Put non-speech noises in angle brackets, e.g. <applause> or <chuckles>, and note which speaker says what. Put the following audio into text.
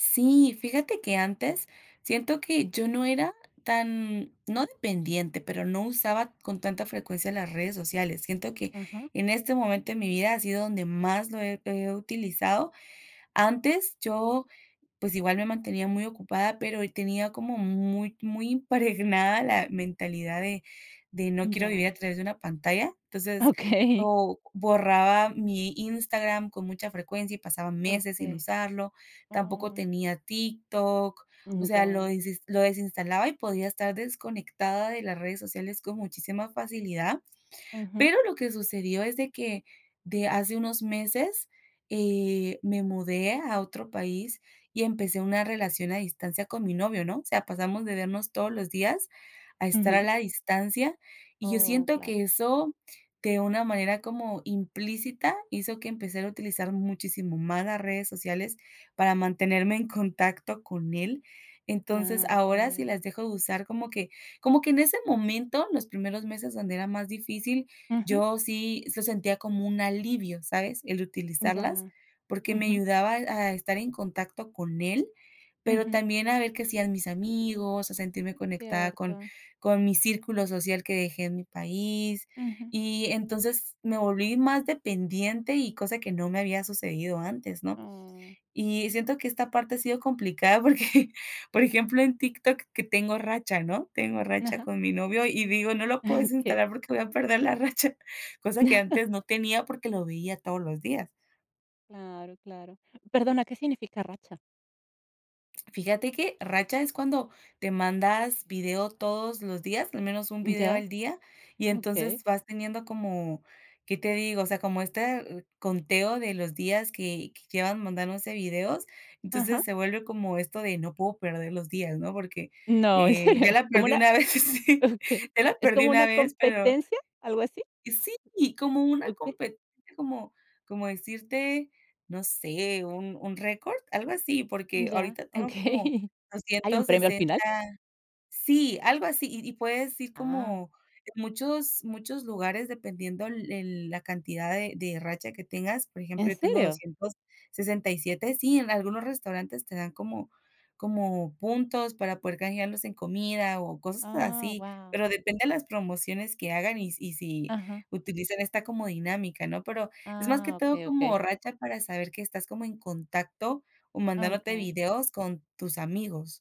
Speaker 1: Sí, fíjate que antes siento que yo no era tan, no dependiente, pero no usaba con tanta frecuencia las redes sociales. Siento que
Speaker 2: Ujú.
Speaker 1: en este momento de mi vida ha sido donde más lo he he utilizado. Antes, yo, pues, igual me mantenía muy ocupada, pero, eh, tenía como muy muy impregnada la mentalidad de de no quiero vivir a
Speaker 2: Ya.
Speaker 1: través de una pantalla. Entonces,
Speaker 2: Okey.
Speaker 1: o borraba mi Instagram con mucha frecuencia, y pasaba meses sin
Speaker 2: Okey.
Speaker 1: usarlo, tampoco
Speaker 2: Ah.
Speaker 1: tenía TikTok, o
Speaker 2: Ujú,
Speaker 1: sea, lo
Speaker 2: ya.
Speaker 1: desinst lo desinstalaba, y podía estar desconectada de las redes sociales con muchísima facilidad.
Speaker 2: Ujú.
Speaker 1: Pero lo que sucedió es de que, de hace unos meses, eh, me mudé a otro país, y empecé una relación a distancia con mi novio, ¿no? O sea, pasamos de vernos todos los días a estar a
Speaker 2: Ujú.
Speaker 1: la distancia, y yo
Speaker 2: Oh,
Speaker 1: siento
Speaker 2: claro.
Speaker 1: que eso, de una manera como implícita, hizo que empezara a utilizar muchísimo más las redes sociales para mantenerme en contacto con él. Entonces,
Speaker 2: Claro,
Speaker 1: ahora sí
Speaker 2: claro.
Speaker 1: las dejo de usar como que como que en ese momento, los primeros meses donde era más difícil,
Speaker 2: Ujú.
Speaker 1: yo sí se sentía como un alivio, ¿sabes? El utilizarlas,
Speaker 2: Ya,
Speaker 1: porque me
Speaker 2: ujú.
Speaker 1: ayudaba a estar en contacto con él, pero
Speaker 2: Ujú.
Speaker 1: también a ver que hacían mis amigos, a sentirme conectada con
Speaker 2: Cierto.
Speaker 1: con mi círculo social que dejé en mi país.
Speaker 2: Ujú.
Speaker 1: Y, entonces me volví más dependiente, y cosa que no me había sucedido antes, ¿no?
Speaker 2: Ah.
Speaker 1: Y siento que esta parte ha sido complicada porque, por ejemplo, en TikTok que tengo racha, ¿no?, tengo racha
Speaker 2: Ajá.
Speaker 1: con mi novio y digo: "No lo puedo
Speaker 2: <chuckles> Okey.
Speaker 1: desinstalar porque voy a perder la racha", cosa que
Speaker 2: <chuckles>
Speaker 1: antes no tenía porque lo veía todos los días.
Speaker 2: Claro, claro. Perdona, ¿qué significa racha?
Speaker 1: Fíjate que racha es cuando te mandas video todos los días, al menos un video
Speaker 2: Ya,
Speaker 1: al día, y
Speaker 2: okey.
Speaker 1: entonces vas teniendo como, ¿qué te digo? O sea, como este conteo de los días que que llevan mandándose videos,
Speaker 2: Ajá.
Speaker 1: entonces se vuelve como esto de no puedo perder los días, ¿no? Porque,
Speaker 2: No, ¿en
Speaker 1: eh,
Speaker 2: serio?
Speaker 1: ya la
Speaker 2: ¿Cómo
Speaker 1: perdí
Speaker 2: una?
Speaker 1: una vez, sí.
Speaker 2: Okey,
Speaker 1: Ya la
Speaker 2: ¿es
Speaker 1: perdí
Speaker 2: como
Speaker 1: una
Speaker 2: una
Speaker 1: vez, pero
Speaker 2: competencia?, ¿algo así?
Speaker 1: Sí, como una
Speaker 2: Okey.
Speaker 1: compe como como decirte, no sé, un un récord, algo así. Porque
Speaker 2: Ya,
Speaker 1: ahorita tengo como
Speaker 2: okey. ¿Hay un
Speaker 1: doscientos
Speaker 2: premio al
Speaker 1: sesenta
Speaker 2: final?
Speaker 1: sí, algo así. Y y puedes ir
Speaker 2: Ah.
Speaker 1: como muchos muchos lugares, dependiendo el el la cantidad de de racha que tengas, por ejemplo,
Speaker 2: ¿En
Speaker 1: yo tengo
Speaker 2: serio?
Speaker 1: 267. Sí, en algunos restaurantes te dan como como puntos para poder canjearlos en comida o cosas
Speaker 2: Ah,
Speaker 1: así,
Speaker 2: guau.
Speaker 1: pero depende de las promociones que hagan, y si y si
Speaker 2: Ajá.
Speaker 1: utilizan esta como dinámica, ¿no? Pero es más que
Speaker 2: Ah,
Speaker 1: todo
Speaker 2: okey, okey.
Speaker 1: como racha para saber que estás como en contacto o
Speaker 2: Ah,
Speaker 1: mandándote
Speaker 2: okey.
Speaker 1: videos con tus amigos.